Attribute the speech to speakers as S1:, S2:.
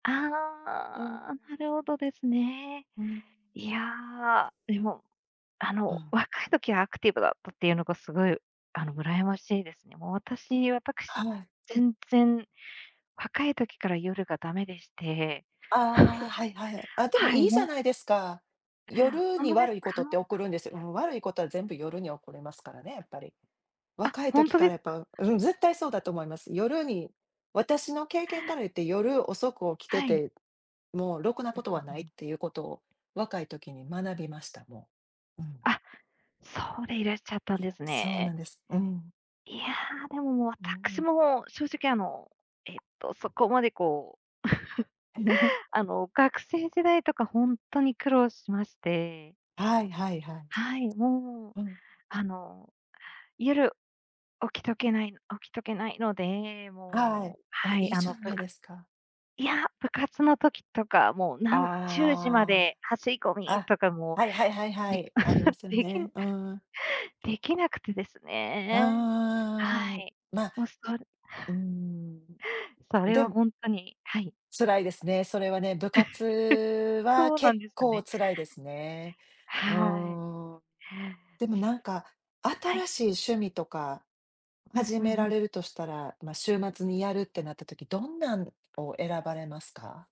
S1: うーん、う
S2: ああ、なるほどですね。
S1: ーん。
S2: いや、でも、あ
S1: う
S2: の、
S1: ん。
S2: 若い時はアクティブだったっていうのが凄い、あの、羨ましいですね。もう私
S1: は
S2: 私、
S1: い。
S2: 全然若い時から夜が駄目でして。
S1: ああ、はいはい。あ、でも
S2: はい。は
S1: い
S2: い、
S1: いじゃ
S2: も
S1: ないですか。夜
S2: ほん
S1: に
S2: とで
S1: 悪
S2: す
S1: いことって
S2: か？
S1: 起こるんですよ。うん、悪いことは全部夜に起こりますからね、やっぱり。
S2: あ、
S1: 若い
S2: ほん
S1: 時
S2: と
S1: か
S2: で
S1: ら
S2: す
S1: やっ
S2: か？
S1: ぱ、うんうん、絶対そうだと思います。夜に私の経験から言って、夜遅く起きて
S2: はい。
S1: て、もうろくな
S2: う
S1: こ
S2: ん
S1: とは
S2: う
S1: な
S2: ん
S1: い
S2: う
S1: っ
S2: ん。
S1: ていうことを若い時に学びました、もう。うん。
S2: あ、そうでいらっしゃったんで
S1: さ、
S2: す
S1: そうな
S2: ね。
S1: んです。うん。
S2: いや、でも
S1: うんう
S2: 私
S1: ん。
S2: も、正直、あの、えっと、そこまで、こう。あの、学生時代とか、ほんとに苦労しまして。
S1: はいはいはい。
S2: はい。もう、
S1: うん。
S2: あの、夜、起きとけない起きとけないので、
S1: はい。
S2: もう、
S1: あ、
S2: は
S1: い
S2: い、
S1: い
S2: あ
S1: じ
S2: の、
S1: ゃ
S2: ぶ
S1: ない
S2: か
S1: ですか。
S2: いや、部活の時とか、もう何10時ま
S1: あ
S2: で走り込
S1: あ。
S2: み
S1: あ、
S2: とかも
S1: はいはいはいは
S2: でき
S1: い、ありま すよ
S2: でき
S1: ね、うーん。
S2: できなくてです
S1: うー
S2: ね。は
S1: ん、
S2: い。
S1: ま
S2: もうそれ
S1: うーん。
S2: それ
S1: で
S2: は
S1: も
S2: ほんとに、はい。
S1: 辛いですね、それはね、部活 は
S2: そうな
S1: 結
S2: んです
S1: 構、
S2: ね。
S1: 辛いですね。う
S2: はい。へえ。
S1: ーん。でも、なんか、
S2: は
S1: 新
S2: い。
S1: しい趣味とか
S2: うん
S1: 始
S2: うん
S1: め
S2: う
S1: ら
S2: ん。
S1: れるとしたら、ま、週末にやるってなった時、どんなんを選ばれますか？